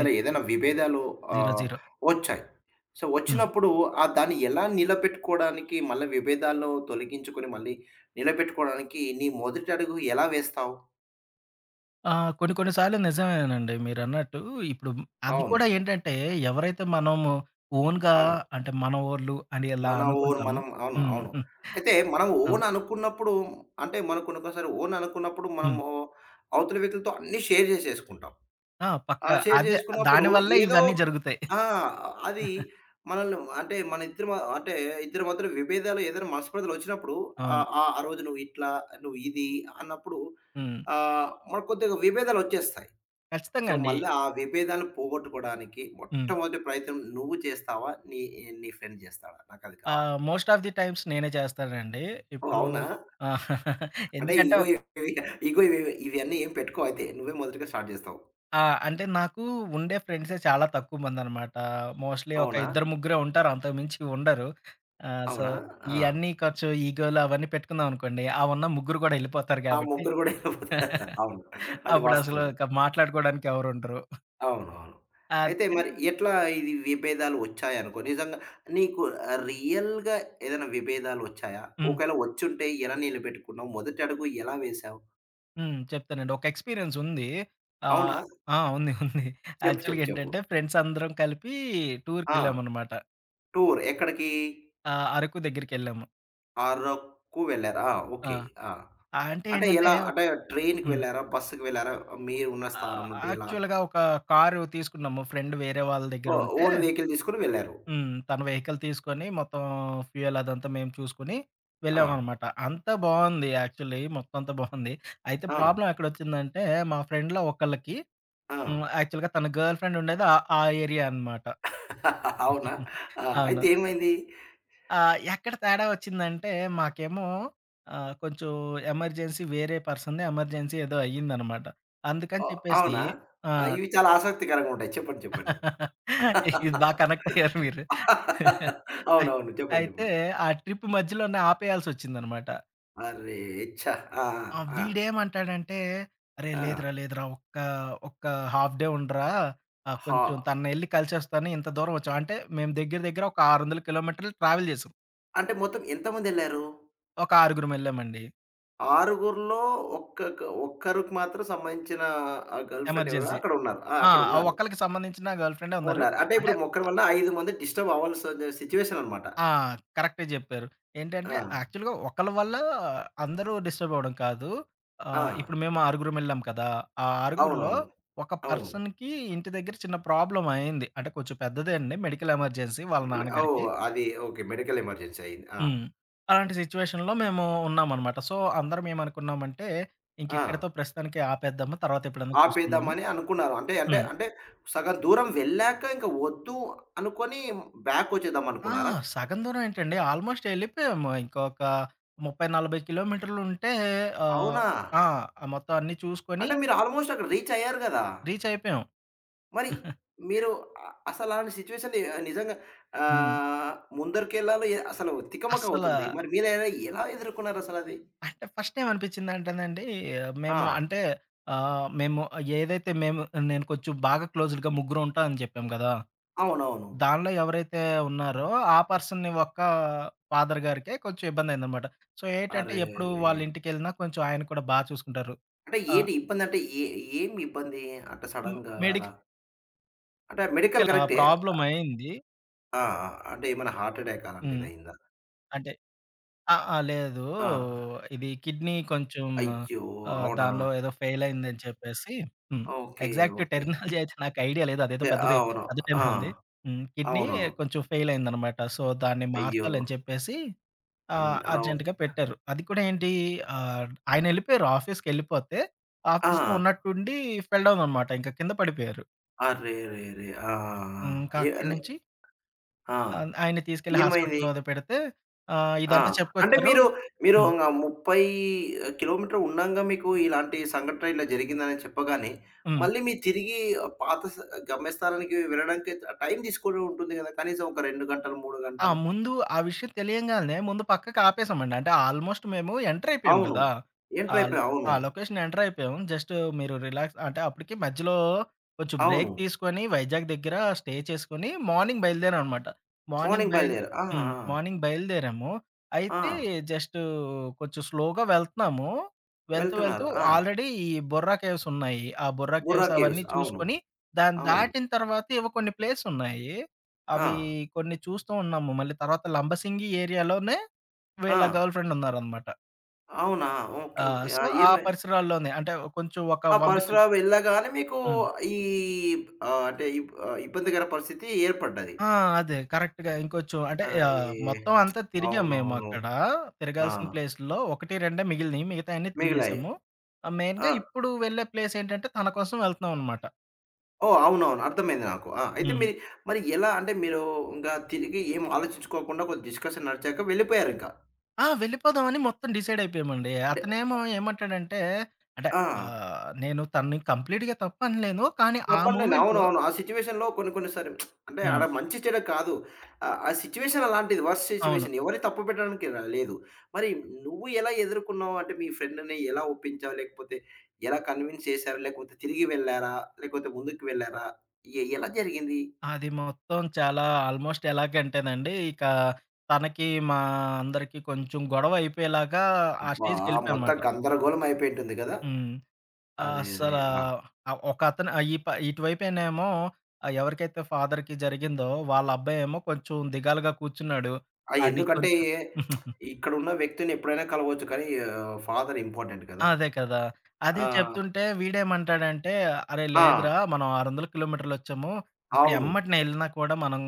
తన ఏదైనా విభేదాలు జీరో. ఆహ్, జీరో. వచ్చాయి. సో హుహు. వచ్చినప్పుడు ఆహ్, దాన్ని ఎలా నిలబెట్టుకోడానికి మళ్ళీ విభేదాలను తొలగించుకొని మళ్ళీ నిలబెట్టుకోడానికి నీ మొదటి అడుగు ఎలా వేస్తావు? ఆ! కొన్ని, కొన్ని సార్లు నిజమేనండి. మీరన్నట్టు ఇప్పుడు అది కూడా అవును. ఏంటంటే ఎవరైతే మనము ఓన్‌గా అవును. అంటే మన వోళ్ళు అని ఎలా మన ఓన్ అనుకుంటామో? మనం అవును, హ్మ్. అవును. అయితే మనం అవును. ఓన్ అనుకున్నప్పుడు అంటే మన కొన్ని, కొన్ని సారి ఓన్ అనుకున్నప్పుడు హ్మ్. మనము అవుతలి వ్యక్తులతో అన్నీ షేర్ చేసేసుకుంటాం. ఆ! ఆ పక్కా. షేర్ అదే చేసుకున్నప్పుడు దానివల్లే ఏదో ఇవన్నీ జరుగుతాయి. ఆ! అది. మనల్ అంటే మన ఇద్దరు మ అంటే ఇద్దరి మధ్యల విభేదాలు ఏదైనా మనస్పర్ధలు వచ్చినప్పుడు అవును. ఆహ్, ఆహ్, ఆ రోజు నువ్వు ఇట్లా నువ్వు ఇది అన్నప్పుడు హ్మ్. ఆ! మరి కొద్దిగా విభేదాలొచ్చేస్తాయి. ఖచ్చితంగా సో అండి. మళ్ళీ ఆ విభేదాల్ని పోగొట్టుకోవడానికి హ్మ్. మొట్టమొదటి ప్రయత్నం నువ్వు చేస్తావా? నీ నీ ఫ్రెండ్ చేస్తాడా? నాకది కావాలి? ఆహ్, మోస్ట్ ఆఫ్ ది టైమ్స్ నేనే చేస్తానండి. ఓహ్! ఇప్పుడూ అవునా? ఆ! అంటే ఎందుకంటే ఇగో [unintelligible] ఇగో ఇవ్ ఇవన్నీ ఏం పెట్టుకోవ్ అయితే నువ్వే మొదటిగా స్టార్ట్ జేస్తావు. ఆ! అంటే నాకు ఉండే ఫ్రెండ్సే చాలా తక్కువ మందనమాట. మోస్ట్‌లీ ఒక అవునా? ఇద్దరు ముగ్గురే ఉంటారు. అంతకు మించి ఉండరు. ఆహ్, సో అవునా? ఆ! ఇయన్నీ ఖర్చు, ఈగోలు అవన్నీ పెట్టుకున్నాననుకోండి. అహ్, ఉన్న ముగ్గురు గూడా ఎళ్ళిపోతారు ఆ కాబట్టి. ముగ్గురు కూడా వెల్లిపోతారు అవును. అది అప్పుడు అసలు వాస్తమే. ఇక మాట్లాడుకోవడానికి ఎవరు ఉండరు? అవునవును. ఆ! అయితే కని మరి ఎట్లా ఇది విభేదాలు వచ్చాయనుకో నిజంగా నీకు ఆహ్, రియల్‌గా ఏదైనా విభేదాలొచ్చాయా? హ్మ్. ఒకవేళ వచ్చుంటే ఎలా నిలబెట్టుకున్నావు? మొదటి అడుగు ఎలా వేశావు? హ్మ్. చెప్తానండి. ఒక ఎక్స్‌పీరియన్స్ ఉంది. ఆహ్, అవునా? ఆ! ఉంది. ఉంది. చెప్పు. చెప్పు. యాక్చువల్‌గా చెప్పు. ఏంటంటే ఫ్రెండ్స్ అందరం కలిపి ఆ! టూర్‌కెళ్ళామనమాట. టూర్ ఎక్కడికి? ఆహ్, అరకు దగ్గరికెళ్ళాము. ఆరక్కు వెళ్లారు. ఆ! ఆ! ఓకే. ఆ! ఆ అంటే అంటే ఏంటంటే ఎలా అంటే ట్రైన్‌కి హ్మ్. వెళ్ళారా? బస్సుకి వెళ్లారా? మీరు ఉన్న స్థానం ఆహ్, ఆ! నుండి ఎలా? యాక్చువల్‌గా ఒక కారు తీసుకున్నాము. ఫ్రెండ్ వేరే వాళ్ళ ఓహ్! దెగ్గరుంటే. ఓన్ వెహికల్ తీసుకొని వెళ్లారు. హ్మ్. తను వెహికల్ తీసుకొని మొత్తం ఫ్యూయల్ అదంతా మేము చూసుకొని. ఆ! వెళ్ళామనమాట. అంతా బావుంది యాక్చువల్‌లీ మొత్తం అంతా బావుంది. అయితే ఆ! ప్రాబ్లమ్ ఎక్కడొచ్చిందంటే మా ఫ్రెండ్‌లో ఒక్కళ్ళకి హ్మ్. ఆ! యాక్చువల్‌గా తన గర్ల్ ఫ్రెండ్ ఉండేది ఆహ్, ఆ ఏరియా అనమాట. అవునా? ఆ! అయితే అవును. ఏమైంది? ఆహ్, ఎక్కడ తేడా ఒచ్చిందంటే మాకేమో ఆహ్, కొంచెం ఎమర్జెన్సీ వేరే పర్సన్‌ని ఎమర్జెన్సీ ఏదో అయిందనమాట. అందుకని ఆహ్, చెప్పేసి అవునా? ఆ! ఆ! ఇవి చాలా ఆసక్తికరంగా ఉంటాయి. చెప్పండి. చెప్పండి. ఇది బాగా కనెక్టయ్యారు మీరు. ఆయ్ అవునవును. చెప్పండి. అయితే చెప్పండి. ఆ ట్రిప్ మధ్యలోనే ఆపేయాల్సొచ్చిందనమాట. అరే! చ్చ! ఆ! ఆ! ఆ! వీడేమంటాడంటే అరే! ఆ! లేదురా లేదురా! ఒక్క ఒక్క హాఫ్ డే ఉండరా ఆహ్, హా కొంచెం తనని ఎళ్లి కలిసోస్తాను ఇంత దూరం వచ్చాం అంటే మేము దెగ్గర దెగ్గర ఒక 600 కిలోమీటర్లు ట్రావెల్ చేసాం. అంటే మొత్తం ఎంతమందెళ్లారు? ఒక ఆరుగురం వెళ్ళామండి. ఆరుగురిలో ఒక్కక్క ఒక్కరికి మాత్రం సంబంధించిన ఆ గర్ల్ ఫ్రెండెవరో ఎమర్జెన్సీ. అక్కడున్నారు. ఆహ్, ఆ! ఆ అక్కడున్నారు. ఒక్కళ్ళకి సంబంధించిన గర్ల్ ఫ్రెండే ఉన్నారు. ఉన్నారు. అంటే అంటే, ఇప్పుడు ఒకక్కరి ఆహ్ వల్ల ఐదు మంది డిస్టబవ్వాల్సి సిట్యుయేషననమాట. ఆ! కరెక్ట్‌గా చెప్పారు. ఏంటంటే ఆ! యాక్చువల్‌గా ఒకళ్ళ వల్ల అందరూ డిస్టబవ్వడం కాదు. ఆహ్, ఆ! ఇప్పుడు మేము ఆరుగురం వెళ్ళాం కదా! ఆ ఆరుగురిలో అవునవును. ఒక అవును. పర్సన్‌కి ఇంటి దగ్గర చిన్న ప్రాబ్లమ్ అయింది. అంటే కొంచెం పెద్దదే అండి. మెడికల్ ఎమర్జెన్సీ వాళ్ళ మ నాన్నగారికి. ఓహ్! అది ఓకే. మెడికల్ ఎమర్జెన్సీ అయింది. ఆ! హ్మ్. అలాంటి సిట్యుయేషన్‌లో మేము ఉన్నామనమాట. సో, అందరం ఏమనుకున్నామంటే. ఇంకెక్కడితో ఆ! ప్రస్తుతానికి ఆపేద్దాము. తర్వాత ఎప్పుడైనా చూసుకుందాము. ఆపేద్దామని అనుకున్నారు. అంటే, అంటే, హ్మ్. అంటే సగం దూరం వెళ్ళాక ఇంక వద్దు అనుకని బ్యాకొచ్చేద్దాం ఆ! అనుకున్నారా? సగం దూరం ఏంటండి. ఆల్మోస్ట్ ఎళ్ళిపోయాము ఇంక ఒక 30 40 కిలోమీటర్లుంటే ఆహ్ అవునా! ఆ! ఆ మొత్తం అన్నీ చూసుకొని అంటే మీరు ఆల్మోస్ట్ అక్కడ రీచ్ అయ్యారు కదా! రీచయిపోయాం. మరి. మీరు అసల అలాంటి సిట్యుయేషన్‌ ని నిజంగా హ్మ్. ఆహ్, ముందరికెళ్ళలో ఏ అసలు అస్సలా తికమకవుతుంది. మరి మీదైనా ఎలా ఎదుర్కొన్నారు అసలది? అంటే ఫస్టేమనిపించిందంటేనండి. మేము ఆ! అంటే ఆహ్, మేము ఏదైతే మేము నేను కొంచెం బాగా క్లోజ్డ్‌గా ముగ్గురు ఉంటామని చెప్పాం కదా! అవునవును. దానిలో ఎవరైతే ఉన్నారో. ఆ పర్సన్‌ని ఒక్క ఫాదర్ గారికే కొంచెం ఇబ్బందైందనమాట. సో, ఏటంటే ఎప్పుడు అరేరేరే! వాళ్ళింటికెళ్ళినా. కొంచెం ఆయన కూడా బా చూసుకుంటారు. అంటే ఆ! ఏంటి ఇబ్బందంటే ఏ ఏం ఇబ్బంది? అంటే హ్మ్. సడెన్‌గా అలా? మెడిక్ అంటే ఆ! మెడికల్ ఇక్కలా కరెక్టే. ఆ ప్రాబ్లమ్ అయింది. ఆ! ఆ! అంటే ఏమైనా హార్ట్అటాక్ హ్మ్. అలాంటిదయిందా? అంటే. ఆహ్, ఆహ్, లేదూ, ఆ! ఇది కిడ్నీ కొంచెం, అయ్యో! ఆహ్, అవునా! దానిలో ఏదో ఫెయిల్ అయిందని చెప్పేసి హ్మ్, ఓకే. Exact okay. టెర్మినాలజీ అయితె నాకు ఐడియా లేదు అదేదో సె పెద్దది అవును. ఆ! [unintelligible] ఉంది. హ్మ్. కిడ్నీ అవును. కొంచెం అ ఫెయిల్ అయిందనమాట. సో, దాన్ని అయ్యో! మార్చాలని చెప్పేసి, అండ్ ఆహ్, అవును. అర్జెంట్‌గా పెట్టారు. అది కూడా ఏంటీ అహ్, ఆయనెళ్ళిపోయారు ఆఫీస్‌కెళ్ళిపోతే. ఆఫీస్‌లో ఆ! ఉన్నట్టుండి ఫెల్‌డౌన్ అనమాట. ఇంక కింద పడిపోయారు. అర్రేరేరే. ఆ! ఆ! హ్మ్. ఆ! ఇంకా ఎ అక్కడి అని నుంచి ఆ! ఆ ఆయన్ని తీసుకెళ్ళి ఏమైంది? హాస్పిటలలో వదిలి పెడితే. ఆహ్, ఆ! ఇదంతా అంటే చెప్పుకొచ్చారు మీరు, మీరు హ్మ్. ఇంగా 30 కి.మీ. ఉండంగా మీకు ఇలాంటి సంఘటన ఇలా జరిగిందని చెప్పగానే హ్మ్. మళ్ళీ మీరు తిరిగి ఆహ్, పాత స గమ్యస్థానానికి వెళ్ళడానికే టైం తీసుకోని ఉంటుంది కదా! కనీసం ఒక 2, గంటలు 3 ఆ! గంటలు. ముందు ఆ విషయం తెలియంగానే ముందు పక్కకి ఆపేసామండి. అంటే ఆల్మోస్ట్ మేము ఎంటర్ అయిపోయాం అవును. కదా! ఎంటర్ ఆ ల్ అయిపోయా అవును. ఆ లొకేషన్ ఎంటర్ అయిపోయాం. జస్టు మీరు రిలాక్స్ అంటే అప్పటికి మధ్యలో కొంచెం అవును. బ్రేక్ తీసుకొని వైజాగ్ దగ్గర స్టే చేసుకొని మార్నింగ్ బయలుదేరాం అనమాట. మార్నింగ్ మార్నింగ్ బయల్దే బయల్దేరా. ఆ! హ్మ్. ఆ! మార్నింగ్ బయలుదేరాము. ఆ! అయితే జస్టూ కొంచెం స్లోగా వెళ్తున్నాము. వెళ్తూ, వెళ్తూ వెళ్తున్నారు. ఆ! ఆల్రెడీ ఈ బుర్రాకేవ్స్ ఉన్నాయి. ఆ బుర్రా కేవ్స్ బుర్రాకేేవ్స్ అవన్నీ అవును. చూసుకొని దాన్ని అవును. దాటిన తర్వాత ఎవో కొన్ని ప్లేస్ ఉన్నాయి. అవి ఆ! కొన్ని చూస్తూ ఉన్నాము. మళ్ళీ తర్వాత లంబసింగి ఏరియాలోనే, వీళ్ళ ఆ! గర్ల్ ఫ్రెండ్ ఉన్నారనమాట. అవునా. ఆ! ఓకే. ఓకే. ఆ! సో, ఆ ఈమె పరిసరాల్లోనే అంటే కొంచెం ఒక ఆ 100 కిల్ పరిసరాలు వెళ్ళగానే మీకు హ్మ్. ఈ ఆహ్, అంటే ఇ ఆహ్, ఇబ్బందికర పరిస్థితి ఏర్పడ్డది. ఆ! అదే. కరెక్ట్‌గా ఇంకొంచెం అంటే అరే! ఆహ్, మొత్తం అంతా తిరిగాం మేము అవునవును. అక్కడ. ఆ! తిరగాల్సిన ప్లేసుల్లో ఒకటి రెండే మిగిలినయి. మిగతాయన్నీ మిగిలాయి. తిరిగేసాము. మెయిన్‌గా ఆ! ఇప్పుడు వెళ్ళే ప్లేసేంటంటే తన కోసం వెళ్తనాం అనమాట. ఓహ్! అవునవును. అర్థమైంది నాకు. ఆ! అయితే హ్మ్. మీరు మరి ఎలా అంటే మీరు ఇంకా తిరిగి ఏం ఆలోచించుకోకుండా కొది డిస్కషన్ నడిచాక వెళ్ళిపోయారింకా. ఆ! వెళ్ళిపోదామని మొత్తం డిసైడయిపోయామండి. అంటే అతనేమో ఆహ్ ఏమంటాడంటే, అంటే ఆ! ఆహ్, నేను తనని కంప్లీట్‌గా తప్పనలేను. కానీ ఆ తప్పంలే, మూమెంట్‌లో అవునవును. ఆ సిట్యుయేషన్‌లో కొన్ని కొన్ని సారి, అంటే హ్మ్. ఆడ మంచిచెడ కాదు. ఆహ్, ఆ సిట్యుయేషన్ అలాంటిది వర్స్ట్ అవును. సిట్యుయేషన్. ఎవరి తప్పుపెట్టడానికి ర లేదు. మరి నువ్వు ఎలా ఎదుర్కన్నావు? అంటే మీ ఫ్రెండ్‌ని ఎలా ఒప్పించావు? లేకపోతే ఎలా కన్విన్స్ చేశారు? లేకపోతే తిరిగి వెళ్లారా? లేకపోతే ముందుకు వెళ్లారా? ఎ ఎలా జరిగింది? అది మొత్తం చాలా ఆల్మోస్టెలాగ అంటేనండి. ఇకా, తనకి మా అందరికి కొంచెం గొడవ అయిపోయేలాగా ఆ అబ్బా! మొత్తం స్టేజ్‌కెళ్ళిపోయానమాట. గందరగోళం అయిపోయింటుంది కదా! హ్మ్. అరే. అరే. అస్సలా ఆ! ఆహ్, ఒకతను ఆహ్, ఈ ప ఇటువైపనేమో ఆహ్, ఎవరికైతే ఫాదర్‌కి జరిగిందో వాళ్ళ అబ్బాయేమో కొంచెం దిగాలుగా కూర్చున్నాడు. ఆ! అడి ఎందుకంటే కొంచం ఇక్కడున్న వ్యక్తినెప్పుడైనా కలవచ్చు కానీ ఆహ్, ఫాదర్ ఇంపార్టెంట్ కదా. ఆ! అదే కదా! అదే ఆ! చెప్తుంటే వీడేమంటాడంటే, అరే ఆ! లేదురా మనం 600 కిలోమీటర్లొచ్చాము. ఇప్పుడు అవును. ఎమ్మటనే ఎళ్ళినా కూడా మనం.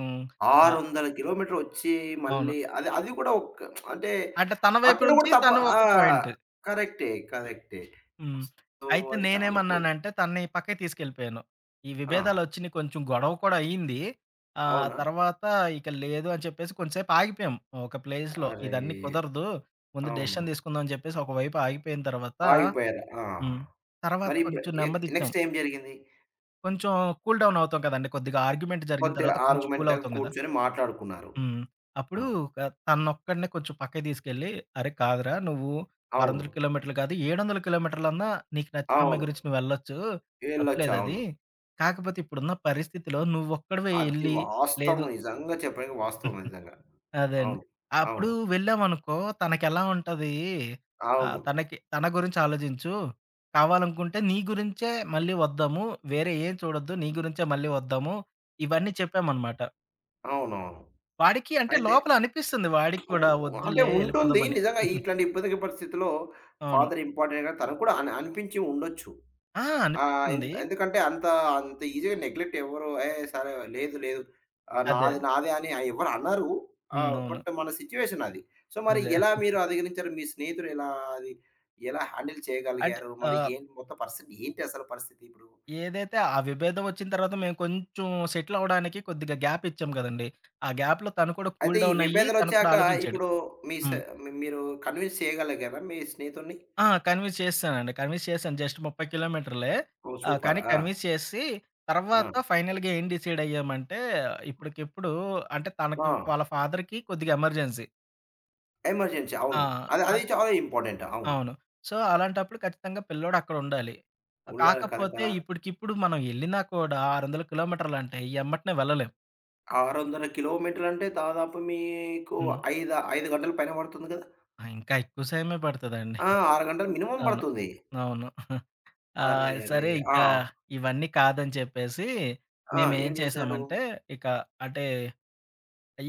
ఆహ్ 600 కిలోమీటరొచ్చి అవును. మళ్ళీ అది అది కూడా ఒక్క అంటే, అంటే తన వైపు అక్కడ కూడా నుంచి తప్పు తను ఒక ఆహ్, పాయింట్. కరెక్టే. కరెక్టే. హ్మ్. సో, అయితే అది చాలా పో నేనేమన్నానంటే తనని పక్కకి తీసుకెళ్ళిపోయాను. ఈ ఆ! విభేదాలొచ్చినయి, కొంచెం గొడవ కూడా అయింది. ఆహ్, అవునా! తర్వాత ఇక లేదు అని చెప్పేసి కొంసేపు ఆగిపోయాం. ఒక ప్లేస్‌లో అరే! ఇదన్నీ కుదరదు. ముందు అవును. డెసిషన్ తీసుకుందాం అని చెప్పేసి ఒక వైపు ఆగిపోయిన తర్వాత, ఆగిపోయారు. ఆ! హ్మ్. తర్వాత మరి ఇప్పుడు కొంచెం ఎ నెమ్మదిచ్చాం. నెక్స్‌టేం జరిగింది? కొంచెం కూల్ డౌన్ అవుతాం కదండీ! కొద్దిగా ఆర్గ్యుమెంట్ జరిగిన కొద్దిగా తర్వాత కొంచెం ఆర్గ్యుమెంట్‌ల్ కూలవుతాం కదా! కూర్చొని మాట్లాడుకున్నారు. హ్మ్. ఆ! అప్పుడు ఆహ్, తనొక్కడినే కొంచెం పక్కకి తీసుకెళ్ళి, అరే! కాదురా నువ్వు 600 అవును. కిలోమీటర్లు కాదు, 700 కిలోమీటర్లన్నా నీకు నచ్చిన అమ్మాయి అవును. గురించి నువ్వెళ్ళొచ్చు, ఎళ్ళొచ్చు తప్పులేదది. అవును. కాకపోతే, ఇప్పుడున్న పరిస్థితిలో నువ్వొక్కడివే అది ఎళ్లి, వాస్తవం లేదు నిజంగా చెప్పడినికి వాస్తవం నిజంగా. అదే అండి. అవును. అప్పుడు అవును. వెళ్ళామనుకో తనకెలా ఉంటది? ఆహ్, అవును. తనకి తన గురించి ఆలోచించు, కావాలనుకుంటే నీ గురించే మళ్ళీ వద్దాము. వేరే ఏం చూడొద్దు నీ గురించే మళ్ళీ వద్దాము, ఇవన్నీ చెప్పామనమాట. అవునవును. వాడికి అంటే అయితే. లోపలనిపిస్తుంది వాడికి ఉ కూడా, అంటే వద్దులే ఉంటుంది. ఎళ్ళిపోదామని. నిజంగా ఇట్లాంటి ఇబ్బందికర పరిస్థితిలో అవును. ఫాదర్ ఇంపార్టెంట్‌ కదా తను కూడా అని అనిపించి ఉండొచ్చు. ఆ! ఆహ్, ఎంత అనిపిస్తుంది. ఎందుకంటే అంత, అంత ఈజీగా నెగ్లెక్ట్ ఎవరు, ఏహ్! సరే లేదు, లేదు. ఆహ్, అదే. నాది, నాది అని ఎవరు అనరు. హ్మ్. ఆహ్, అవును. బట్ మన సిట్యుయేషనది. సో, మరి అదే. ఎలా మీరు అధిగణించారు? మీ స్నేహితుడు ఎలా అది? ఎలా హ్యాండిల్ అంటే చేయగలిగారు? ఆ మరి ఏంటి మొత్తం పరిస్థితి ఏంటసలు పరిస్థితిప్పుడు? ఏదైతే ఆ విభేదవొచ్చిన తర్వాత, మేము కొంచెం సెటిలవ్వడానికి కొద్దిగా గ్యాపిచ్చాం కదండీ! ఆ గ్యాప్‌లో తను కూడా అయితే, కూల్ ఈ డౌనయ్యి తను కూడా విభేదనొచ్చాక ఆలోచించాడు. ఇప్పుడు మీ స హ్మ్. మీ మీరు కన్వీన్స్ చేయగలిగారా మీ స్నేహితుడిని? ఆ! కన్విన్స్ చేసేసానండి. కన్విన్స్ చేశాను జస్ట్ 30 కిలోమీటర్లే. ఓహ్! ఆహ్, సూపర్. కానీ ఆ! కన్వీన్స్ చేసేసి, ఆ! తర్వాత ఫైనల్‌గా ఏం డిసైడయ్యామంటే ఇప్పటికిప్పుడు అంటే, తనకి ఆ! వాళ్ళ ఫాదర్‌కి కొద్దిగా ఎమర్జెన్సీ. ఎమర్జెన్సీ అవును. ఆ! అది అది అత్ చాలా ఇంపార్టెంట్. అవును. అవును. సో, అలాంటప్పుడు ఖచ్చితంగా పిల్లోడక్కడుండాలి. ఉన్నారు కదా! కాకపోతే, కదా! ఇప్పటికిప్పుడు మనం ఎళ్ళినా కూడా, 600 కిలోమీటర్లంటే ఎమ్మటనే వెళ్ళలేం. 600 కిలోమీటర్లంటే, దాదాపు మీకు హ్మ్. ఐద ఐదు గంటలు పైనె పడుతుంది కదా! ఆ! ఇంకా ఎక్కువ సమయమే పడతదండి. ఆ! 6 గంటలు మినిమం అవును. పడుతుంది. అవును. ఆహ్, అరేరే! సరే ఆ! ఇంకా, ఇవన్నీ కాదని చెప్పేసి, ఆ! మేమేం ఏం జేశారు? చేసామంటే, ఇక అటే,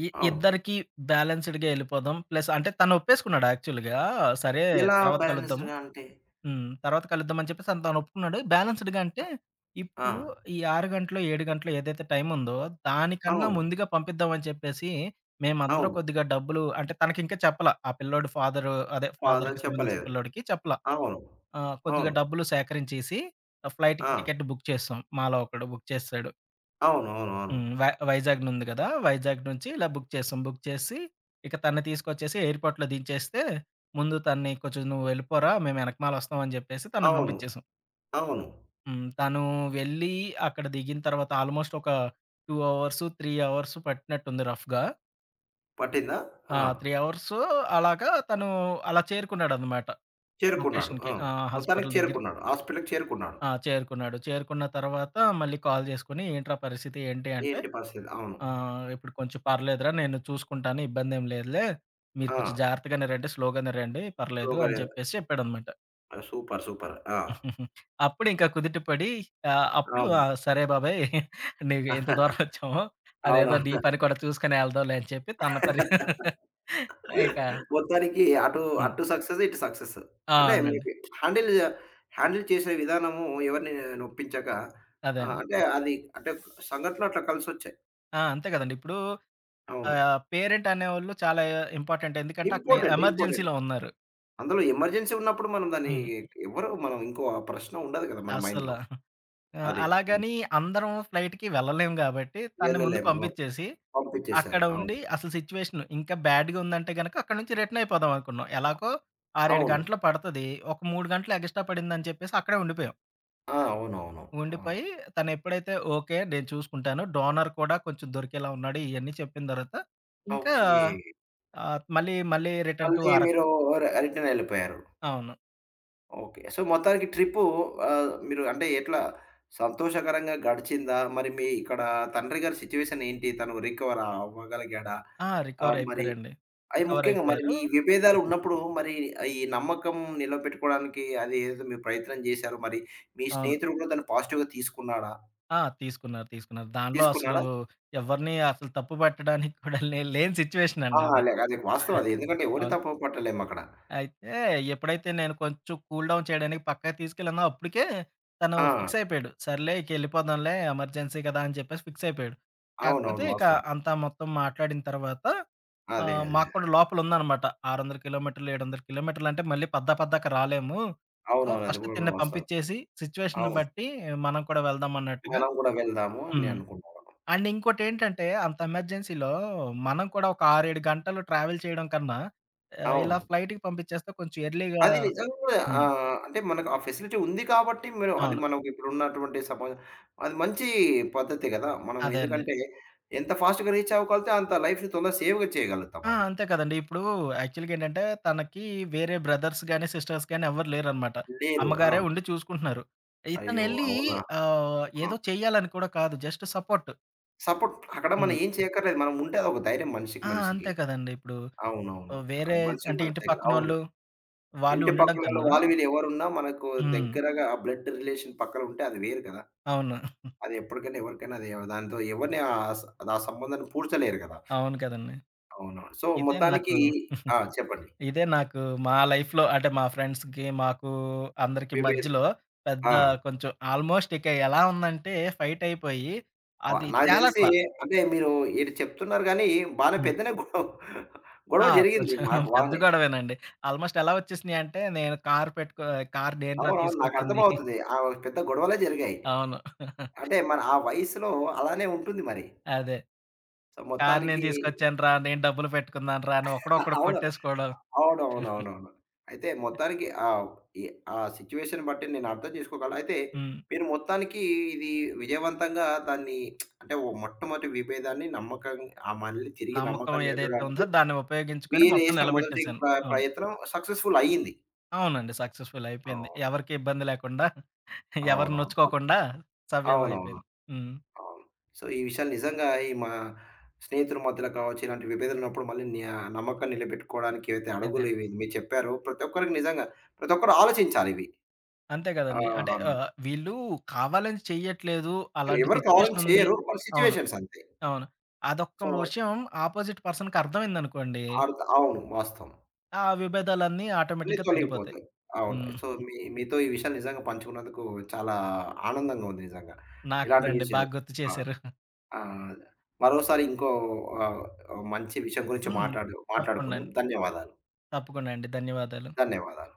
ఇ అవును. ఇద్దరికి బ్యాలెన్స్‌డ్‌గ ఎళ్ళిపోదాం. ప్లసంటే, తను ఒప్పేసుకున్నాడు, యాక్చువల్‌గా సరే, ఎలా తర్వాత కలుద్దాము. బాలెన్స్‌‌డ్‌గా అంటే? హ్మ్. తర్వాత కలుద్దామని చెప్పేసని తను ఒప్పుకున్నాడు. బ్యాలెన్స్‌డ్‌గ అంటే ఆ! ఇప్పు, ఈ ఆరు గంటలో, ఏడు గంటలో ఏదైతే టైముందో, దానికన్నా అవును. ముందుగా పంపిద్దామని చెప్పేసి, మేమందరూ అవును. కొద్దిగా డబ్బులు అంటే, తనకింకా చెప్పల. ఆ పిల్లోడు ఫాదరు అదే బాధ ఫాదర్‌కి సంబంధించిన చెప్పలేదు. పిల్లోడికి చెప్పల. అవును. ఆహ్, కొద్దిగా అవును. డబ్బులు సేకరించేసి, ఆ ఫ్లైట్‌కి ఆ! టికెట్ బుక్ చేసాం. మాలో ఒకడు బుక్ చేసెసాడు. అవునవునవును. హ్మ్. వై వైజాగ్ నుంది కదా! వైజాగ్ నుంచి, ఇలా బుక్ చేసాం. బుక్ చేసి, ఇక తనని తీసుకొచ్చేసి, ఎయిర్‌పోర్ట్‌లో దించేస్తే, ముందు తనని కొంచెం నువ్వెళ్ళిపోరా, మేము ఎనకమాల ఒస్తాం అని జెప్పేసి, తన్ను అవును. బంపించేసాం. అవును. హ్మ్. తను వెళ్ళి, అక్కడ దిగిన తర్వాత ఆల్మోస్ట్ ఒక 2 అవర్స్, 3 అవర్స్ పట్టినట్టుంది, రఫ్‌గా. పట్టిందా? ఆ! ఆ! 3 అవర్స్ అలాగా తను అలా చేరుకున్నాడనమాట చేరుకున్నాడు. లొకేషన్‌కి. ఆ! ఆహ్, మొత్తానికి హాస్పిటలు దగ్గరికి. చేరుకున్నాడు. హాస్పిటలకి చేరుకున్నాడు. ఆ! చేరుకున్నాడు. చేరుకున్న తరవాత మళ్ళీ కాల్ చేసుకొని ఏంట్రా పరిస్థితి ఏంటి అంటే, ఏంటి పరిస్థితి. అవును. "ఆ! ఇప్పుడు కొంచెం పర్లేదురా! నేను చూసుకుంటాను ఇబ్బందేం లేదులే. మీరు కొంచెం ఆ! జాగ్రత్తగానేరండి స్లోగానే రండి" పర్లేదు స్లోగా అని రా చెప్పేసి చెప్పాడనమాట. ఆ! సూపర్. సూపర్. ఆ! అప్పుడు ఇంకా కుదిట పడి, ఆ! అప్పుడు ఆ! అవును. సరే బాబయి! నీకు ఇంత దూరం వచ్చాము. అవును. అదేదో నీ పని కూడా చూసుకొని వెళ్దాంలే అని చెప్పి తన పని ఇక మొత్తానికి అటు హ్మ్. అటు సక్సెస్ ఇటు సక్సెస్. ఆ! అంటే మీరు అవునండి. హ్యాండిల్, హ్యాండిల్ చేసే విధానము ఎవరిని నొప్పించక, అదే ఆహ్, అండి. అంటే అది అంటే సంఘటన అట్లా కలిసొచ్చాయి. ఆ! అంతే కదండీ. ఇప్పుడు అవును. ఆహ్, పేరెంట్ అనేవోళ్ళు చాలా ఇంపార్టెంట్. ఎందుకంటే అక్కడ ఇంపార్టెంట్. ఇంపార్టెంట్. ఎమర్జెన్సీలో ఉన్నారు. అందులో ఎమర్జెన్సీ ఉన్నప్పుడు మనం దాన్ని హ్మ్. ఎవరు మనం ఇంకో ప్రశ్న ఉండదు కదా! మన అసల. మైండ్‌లో. ఆహ్, అదే. హ్మ్. అలాగని అందరం ఫ్లైట్‌కి వెళ్ళలేము కాబట్టి తనని ముందు వెళ్ళలేము. అవును. పంపిచేసి పంపించేశారు. అక్కడ అవును. ఉండి అసలు సిట్యుయేషన్ ఇంకా బ్యాడ్‌గా ఉందంటే గనుక అక్కడి నుంచి రిటర్నయిపోదాం అనుకున్నాం. అ ఎలాగో 6, 7 అవును. గంటలు పడతది. ఒక 3 గంటలు ఎగస్టా పడిందని చెప్పేసి అక్కడే ఉండిపోయాం. ఆ! అవునవును. ఆ! ఉండిపోయి తను ఎప్పుడైతే "ఓకే. నేను చూసుకుంటాను డోనర్ కూడా కొంచెం దొరికేలా ఉన్నాడు," ఇయన్నీ చెప్పిన తర్వాత. ఇంకా ఓకే. ఆహ్, మళ్ళీ మళ్ళీ రిటన్ టు మళ్ళీ అరకు. మీరు ఆహ్, రి రిటనెళ్ళిపోయారు. అవును. ఓకే. సో, మొత్తానికి ట్రిప్పు ఆహ్, మీరు అంటే ఎట్లా సంతోషకరంగా గడిచిందా? మరి మీ ఇక్కడ తండ్రి గారి సిట్యుయేషనేంటి? తను రికవర్ అవ్వగలిగాడా? ఆ! ఆహ్, మరి రికవరైపోయారండి. అది ముఖ్యంగా మరి రికవరైపోయారు మీ విభేదాలు ఉన్నప్పుడు. మరి ఈ నమ్మకం నిలవబెట్టుకోవడానికి అది ఏదైతే మీ ప్రయత్నం చేశారో మరి, మీ అవును. స్నేహితులు కూడా దాన్ని పాజిటివ్‌గా తీసుకున్నాడా? ఆ! తీసుకున్నారు. తీసుకున్నారు. దానిలో అసలు తీసుకున్నాడా? ఎవ్వరిని అసలు తప్పు పట్టడానికి కూడా లేని లేని ఆ! సిట్యుయేషనండి అది. అలాగే అది వాస్తవం అది. ఎందుకంటే ఎవరిని అవును. తప్పు పట్టలేమక్కడ. అయితే ఎప్పుడైతే నేను కొంచెం కూల్ డౌన్ చేయడానికి పక్కగా తీసుకెళ్ళానో అప్పటికే. తను ఆ! ఫిక్సయిపోయాడు. సర్లే ఇకెళ్ళిపోదాంలే ఎమర్జెన్సీ కదా! అని చెప్పేసి ఫిక్సయిపోయాడు. కాకపోతే అవునవును ఇక వాస్తవం. అంతా మొత్తం మాట్లాడిన తర్వాత, అదే. ఆహ్, అదే. మాకు అదే. కూడా లోపల ఉందనమాట. 600 కిలోమీటర్లు, 700 కిలోమీటర్లు అంటే మళ్ళీ పద్దా పద్దాక రాలేము. సో, అవునవును. అది ఫస్ట్ కూడా తినని వాస్తావమే. పంపించేసి. సిట్యుయేషన్‌ని అవును. బట్టి మనం కూడా వెళ్దామన్నట్టుగా మనం కూడా వెళ్దాము అని హ్మ్. అనుకున్నారు. అండ్ ఇంకోటేంటంటే అంత ఎమర్జెన్సీలో మనం కూడా ఒక 6, 7 గంటలు ట్రావెల్ చేయడం కన్నా ఆహ్, ఇలా అవును. ఫ్లైట్‌కి పంపించేస్తే కొంచెం ఎర్లీగా అది నిజంగా హ్మ్. ఆహ్, అంటే మనకు ఆ ఫెసిలిటీ ఉంది కాబట్టి, మిరు అది అవును. మనకి ఇప్పుడు ఉన్నటువంటి సమ అది మంచి పద్ధతే కదా! మనం అదే అండి. ఎందుకంటే ఎంత ఫాస్ట్‌గా రీచ్ అవ్వగలితే అంత లైఫ్‌ని తొందర సేవ్‌గా చేయగలుగుతాం ఆ! అది. అంతే కదండీ. ఇప్పుడు యాక్చువల్‌గా ఏంటంటే, తనకి వేరే బ్రదర్స్ గాని, సిస్టర్స్ గాని ఎవరు లేరనమాట. లేరు. అమ్మగారే ఆ! ఉండి చూసుకుంటున్నారు. అయ్యో! ఇతనెళ్ళి అవునా! ఆహ్, ఆ! ఏదో చేయాలని కూడా కాదు జస్టు సపోర్టు. సపోర్ట్ అక్కడ మనం హ్మ్. ఏం చేయక్కర్లేదు. మనం ఉంటే అదొక ధైర్యం మనిషికి ఆ! మనిషికి. అంతే కదండీ ఇప్పుడు. అవునవును. ఆహ్, వేరే అది మనిషికి అంటే ఇంటి మనిషికి అవును. పక్కనోళ్ళు వాళ్ళు ఇంటి ఉండడం పక్కనొళ్ళు కన్నా వాళ్ళు వీళ్ళు ఎవరున్నా మనకు హ్మ్. దగ్గరగా బ్లడ్ రిలేషన్ పక్కనుంటే అది వేరు కదా! అవును. అది ఎప్పటికైనా ఎవరికైనా అది దాంతో ఎవరిని ఆహ్, స ఆ సంబంధాన్ని పూడ్చలేరు కదా! అవును కదండీ. అవునవును. సో, ఇదే నాకు, మొత్తానికి ఆ! చెప్పండి. ఇదే నాకు మా లైఫ్‌లో అంటే మా ఫ్రెండ్స్‌కి, మాకు అందరికి విభే మధ్యలో పెద్ద ఆ! కొంచెం ఆల్మోస్ట్ ఇక ఎలా ఉందంటే ఫైట్ అయిపోయి. ఆ! అది నాకు తెలిసి తెలట్లా. అంటే మీరు ఇటు చెప్తున్నారు గానీ బానే హ్మ్. పెద్దనే గొ ఆ! గొడవ జరిగింది కొంచెం మాకు పెద్ద బానే. గొడవేనండి. ఆల్మోస్ట్ ఎలా వచ్చేసినాయి అంటే నేను కారు పెట్టుకో కారు నేను రా! అవునవును. నాకు తీసుకొచ్చింది. అర్థమవుతది. ఆ పెద్ద గొడవలే జరిగాయి. అవును. అంటే మరి ఆ వయసులో అలానే ఉంటుంది మరి. అదే. కారు నేను మొత్తానికి తీసుకొచ్చానురా! నేను డబ్బులు పెట్టుకున్నాను రా! అని ఒకడొకడు అవును. కొట్టేసుకోవడం. అవునవునవునవును. అయితే మొత్తానికి ఆహ్, ఈ ఆ సిట్యుయేషన్ బట్టి నేను అర్థం చేసుకోగలను. అయితే హ్మ్. మీరు మొత్తానికి ఇది విజయవంతంగా దాన్ని అంటే మొట్టమొదటి వీభేదాన్ని నమ్మకం ఆ మళ్ళి తిరిగి నమ్మకం నమ్మకం ఏదైతే నిలపడానికి ఉందో దాన్ని ఉపయోగించుకొని మీరు మొత్తం వేసిన మొదటి నిలబెట్టేసాను. ప్ర అవును. ప్రయత్నం సక్సెస్‌ఫుల్ అయింది. అవునండి. సక్సెస్‌ఫుల్ అయిపోయింది. అవును. ఎవరికి ఇబ్బంది లేకుండా, ఎవరి అవునువును. నొచ్చుకోకుండా సవ్యం అవునవును. అయిపోయింది. హ్మ్. అవును. సో, ఈ విషయాలు నిజంగా ఈ మా స్నేహితుల మధ్యలో కావచ్చు. ఇలాంటి విభేదాలు ఉన్నప్పుడు మళ్ళీ న్యా నమ్మకం నిలబెట్టుకోవడానికి ఏవైతే అదే. అడుగులు ఇవి మీరు చెప్పారో, ప్రతి ఒక్కరికి నిజంగా, ప్రతి ఒక్కరు ఆలోచించాలివి. అంతే కదండీ. అంటే ఆహ్ ఆహ్, వీళ్ళు కావాలని చేయట్లేదు. అలాంటి ఎవరు కావాలని సిట్యుయేషన్ ఉంది. చేయరు. కొన్ని అవును. సిట్యుయేషన్స్ అంతే. అవును. అదొక్క సో విషయం ఆపోజిట్ పర్సన్‌కి అర్థమైందనుకోండి. అర్ద్ అవును. వాస్తవం. ఆ విభేదాలన్నీ అన్ని ఆటోమేటిక్‌గా తగ్గిపోతాయి. తొలగిపోతాయి. అవును. హ్మ్. సో, మీ మీతో ఈ విషయాలు నిజంగా పంచుకున్నందుకు చాలా ఆనందంగా ఉంది నిజంగా. నాకు కూడా ఇలాంటివి అండి. విషయాలు. బాగా గుర్తు ఆ! చేశారు. ఆహ్, మరోసారి ఇంకో ఆహ్, ఆహ్, మంచి విషయం గురించి హ్మ్. మాట్లాడు మాట్లాడుకుందాం. తప్పకుండండి. ధన్యవాదాలు. తప్పకుండా అండి. ధన్యవాదాలు. ధన్యవాదాలు.